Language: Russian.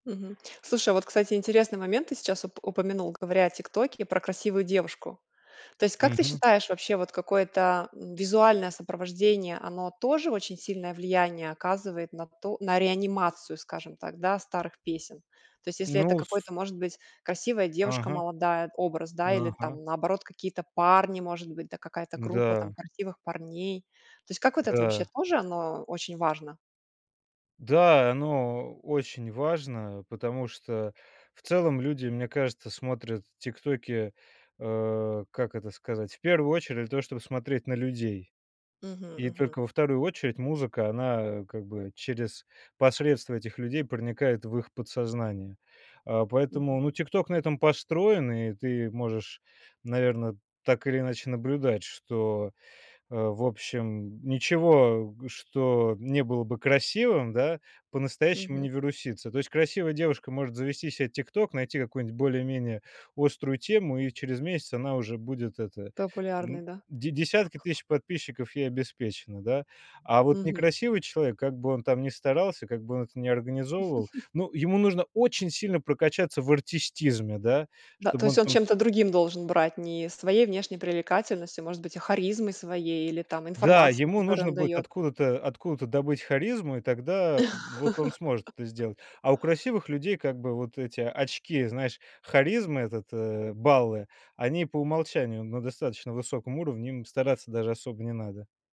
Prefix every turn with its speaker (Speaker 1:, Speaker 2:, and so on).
Speaker 1: Мгм. Слушай, а вот, кстати, интересный момент ты сейчас уп упомянул, говоря о "Тиктоке" про красивую девушку. То есть, как ты
Speaker 2: Мгм.
Speaker 1: считаешь, вообще вот какое-то, м, визуальное сопровождение, оно тоже очень сильное влияние оказывает на то на реанимацию, скажем так, да, старых песен? То есть, если это
Speaker 2: Ну, с
Speaker 1: какой-то, может быть, красивая девушка
Speaker 2: Ага.
Speaker 1: молодая, образ, да, или
Speaker 2: Ага.
Speaker 1: там, наоборот, какие-то парни, может быть, да, какая-то группа там
Speaker 2: М-да.
Speaker 1: красивых парней. То есть, как вот это вообще
Speaker 2: Да.
Speaker 1: тоже, оно очень важно?
Speaker 2: Да. Оно очень важно, потому что в целом люди, мне кажется, смотрят тиктоки, а, как это сказать, в первую очередь то, чтобы смотреть на людей.
Speaker 1: Мгм,
Speaker 2: И
Speaker 1: мгм.
Speaker 2: только во 2 очередь музыка, она как бы через посредство этих людей проникает в их подсознание. А поэтому,
Speaker 1: Мгм.
Speaker 2: ну, "Тикток" на этом построен, и ты можешь, наверно, так или иначе наблюдать, что, э, в общем, ничего, что не было бы красивым, да, по-настоящему
Speaker 1: Мгм.
Speaker 2: не вирусится. То есть красивая девушка может завести себе "Тикток", найти какую-нибудь более-менее острую тему, и через месяц она уже будет это
Speaker 1: Популярный,
Speaker 2: м,
Speaker 1: да?
Speaker 2: де десятки тысяч подписчиков ей обеспечены, да. А вот
Speaker 1: Мгм.
Speaker 2: некрасивый человек, как бы он там ни старался, как бы он это ни организовывал, ну, ему нужно очень сильно прокачаться в артистизме, да
Speaker 1: Да, то
Speaker 2: чтобы
Speaker 1: есть
Speaker 2: он
Speaker 1: он
Speaker 2: там см
Speaker 1: чем-то другим должен брать, не своей внешней привлекательностью, может быть, а, харизмой своей или там
Speaker 2: Да,
Speaker 1: информацией,
Speaker 2: ему
Speaker 1: которую
Speaker 2: нужно
Speaker 1: он
Speaker 2: будет
Speaker 1: даёт.
Speaker 2: откуда-то откуда-то добыть харизму, и тогда вот он сможет это сделать. А у красивых людей, как бы, вот эти очки, знаешь, харизмы, этот э, баллы, они по умолчанию на достаточно высоком уровне, им стараться даже особо не надо.